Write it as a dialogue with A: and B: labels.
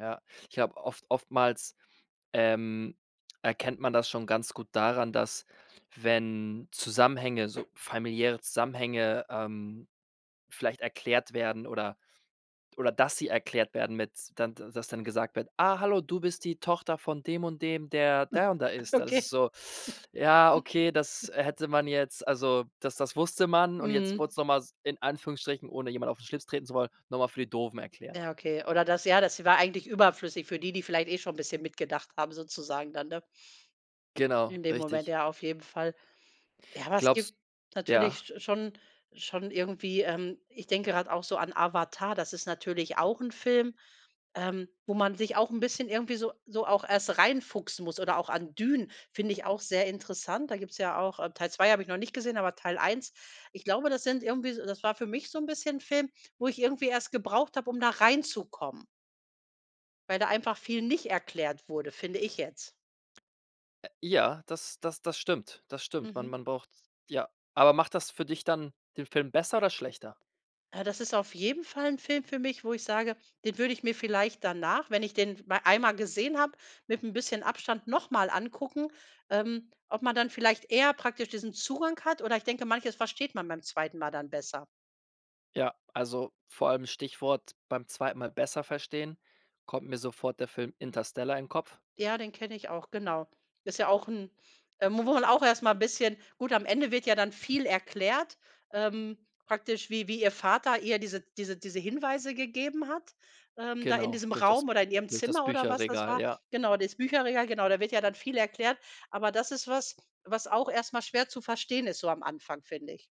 A: Ja. Ich habe, oft oftmals, ähm, erkennt man das schon ganz gut daran, dass wenn Zusammenhänge, so familiäre Zusammenhänge, ähm, vielleicht erklärt werden oder oder dass sie erklärt werden mit dann d dass dann gesagt wird: „Ah hallo, du bist die Tochter von dem und dem, der der und der ist.“ Das ist
B: Okay.
A: so ja, okay, das hätte man jetzt also das das wusste man. Und jetzt wurde
B: Mhm.
A: es noch mal s in Anführungsstrichen- ohne jemand auf 'n Schlips treten zu wollen- noch mal für die Doofen erklärt.
B: Ja, okay. Oder das ja, das war eigentlich überflüssig für die, die vielleicht eh schon 'n bisschen mitgedacht haben, sozusagen dann, ne?
A: Genau,
B: In dem Moment,
A: richtig.
B: ja, auf jeden Fall. Ja, aber es
A: Glaubst
B: gibt natürlich
A: ja?
B: sch schon schon irgendwie, ähm ich denke gerade auch so an Avatar, das ist natürlich auch 'n Film, ähm, wo man sich auch 'n bisschen irgendwie so so auch erst reinfuchsen muss oder auch Dune finde ich auch sehr interessant. Da gibt’s ja auch äh, Teil 2. habe ich noch nicht gesehen, aber Teil 1. Ich glaube, das sind irgendwie so das war für mich so 'n bisschen 'n Film, wo ich irgendwie erst gebraucht habe, um da reinzukommen weil da einfach viel nicht erklärt wurde, finde ich jetzt.
A: Äh, ja, das das das stimmt. Das stimmt. Man
B: Mhm.
A: man braucht ja. Aber macht das für dich dann den Film besser oder schlechter?
B: Äh, das ist auf jeden Fall 'n Film für mich, wo ich sage, den würde ich mir vielleicht danach, wenn ich den m einmal gesehen habe, mit ’n bisschen Abstand noch mal angucken, ähm, ob man dann vielleicht eher praktisch diesen Zugang hat oder ich denke, manches versteht man beim 2. Mal dann besser.
A: Ja, also vor allem Stichwort: „Beim 2. Mal besser verstehen", kommt mir sofort der Film Interstellar in den Kopf.
B: Ja, den kenne ich auch, genau. Ist ja auch ’n äh, mo wo man auch erst mal bisschen gut, am Ende wird ja dann viel erklärt, ähm, praktisch wie wie ihr Vater ihr diese diese diese Hinweise gegeben hat, ähm, da in
A: Genau,
B: diesem
A: durch das
B: Raum oder in ihrem
A: durch das
B: Zimmer oder was das
A: Bücherregal,
B: war.
A: ja.
B: Genau, dieses Bücherregal, genau, da wird ja dann viel erklärt, aber das ist was, was auch erst mal schwer zu verstehen ist, so am Anfang, finde ich.